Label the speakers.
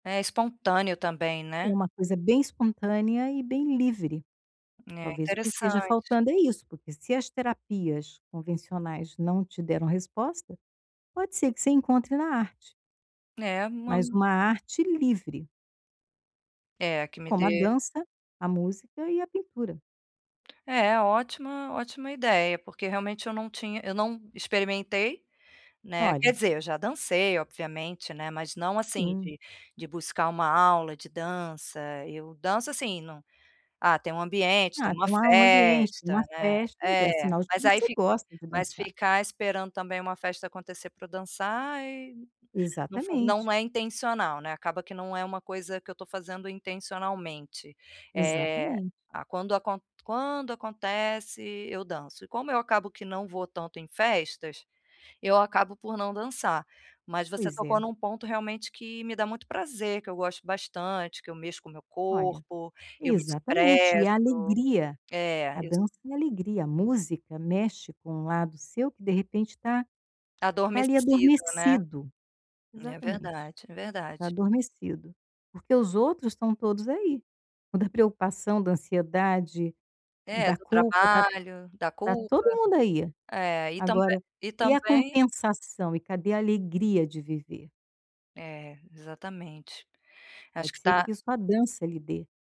Speaker 1: É espontâneo também, né?
Speaker 2: Uma coisa bem espontânea e bem livre.
Speaker 1: É
Speaker 2: Talvez o que esteja
Speaker 1: interessante.
Speaker 2: faltando é isso, porque se as terapias convencionais não te deram resposta, pode ser que você encontre na arte.
Speaker 1: É, uma
Speaker 2: Mas
Speaker 1: um
Speaker 2: uma arte livre.
Speaker 1: É, que me
Speaker 2: Como a
Speaker 1: dê
Speaker 2: dança, a música e a pintura.
Speaker 1: É, ótima ótima ideia. Porque realmente eu não tinha eu não experimentei, né? Quer
Speaker 2: Olha.
Speaker 1: dizer, eu já dancei, obviamente, né, mas não assim
Speaker 2: Sim.
Speaker 1: de de buscar uma aula de dança. Eu danço assim, num ah, tem um ambiente, tem
Speaker 2: Ah,
Speaker 1: uma
Speaker 2: em uma em um ambiente, uma
Speaker 1: festa, né?
Speaker 2: festa, então é
Speaker 1: É,
Speaker 2: sinal de que
Speaker 1: mas aí
Speaker 2: você
Speaker 1: fic
Speaker 2: gosta de
Speaker 1: mas
Speaker 2: dançar.
Speaker 1: ficar esperando também uma festa acontecer pra dançar e não fun
Speaker 2: Exatamente.
Speaker 1: não é intencional, né? Acaba que não é uma coisa que eu tô fazendo intencionalmente. Eh,
Speaker 2: Exatamente.
Speaker 1: a quando acon quando acontece eu danço. E como eu acabo que não vou tanto em festas, eu acabo por não dançar. Mas você
Speaker 2: Pois
Speaker 1: tocou
Speaker 2: é.
Speaker 1: em um ponto realmente que me dá muito prazer, que eu gosto bastante, que eu mexo com o meu
Speaker 2: Olha,
Speaker 1: corpo, eu me
Speaker 2: exatamente. E
Speaker 1: expresso.
Speaker 2: a alegria.
Speaker 1: É,
Speaker 2: A
Speaker 1: eu s
Speaker 2: dança é alegria, a música mexe com um lado seu que de repente tá, tá ali
Speaker 1: Adormecido, né?
Speaker 2: adormecido.
Speaker 1: É
Speaker 2: Exatamente.
Speaker 1: verdade, é
Speaker 2: Tá
Speaker 1: verdade.
Speaker 2: adormecido, porque os outros estão todos aí. O da preocupação, da ansiedade,
Speaker 1: É,
Speaker 2: da
Speaker 1: do
Speaker 2: culpa, da
Speaker 1: trabalho, da
Speaker 2: tá
Speaker 1: culpa.
Speaker 2: todo mundo aí.
Speaker 1: É, aí tambe
Speaker 2: Agora,
Speaker 1: e
Speaker 2: e a
Speaker 1: também
Speaker 2: compensação? E cadê a alegria de viver?
Speaker 1: É, exatamente. Acho
Speaker 2: Pode
Speaker 1: que
Speaker 2: ser que
Speaker 1: tá
Speaker 2: isso a dança lhe dê.